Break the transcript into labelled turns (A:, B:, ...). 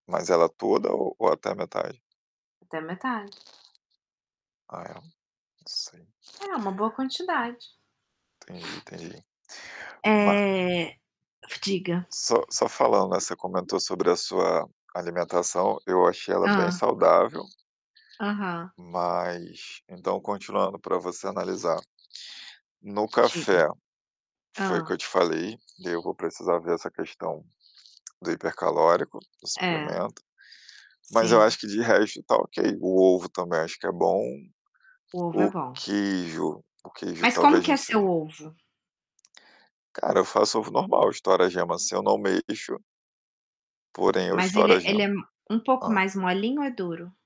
A: Mas ela toda ou ou até a metade?
B: Até metade.
A: Ah é. Não sei.
B: É uma boa quantidade.
A: Entendi, entendi. Ma
B: Eh diga.
A: Só só falando, né, você comentou sobre a sua alimentação, eu achei ela bem
B: Hã.
A: saudável
B: Aham.
A: mas, então, continuando pra você analisar, no
B: Diga.
A: café, foi o que eu
B: Hã.
A: te falei, daí eu vou precisar ver essa questão do hipercalórico, do
B: É.
A: suplemento. Mas eu acho
B: Sim.
A: que de resto, tá ok. O ovo também acho que é bom,
B: O ovo é
A: o
B: bom.
A: queijo o queijo
B: Mas como
A: talvez
B: que
A: não
B: é seu
A: seja
B: ovo?
A: Cara, eu faço ovo normal, eu estouro a gema assim, eu não mexo porém eu
B: Mas
A: estouro
B: ele
A: a
B: é ele
A: gema.
B: é um pouco
A: Hã?
B: mais molinho ou é duro?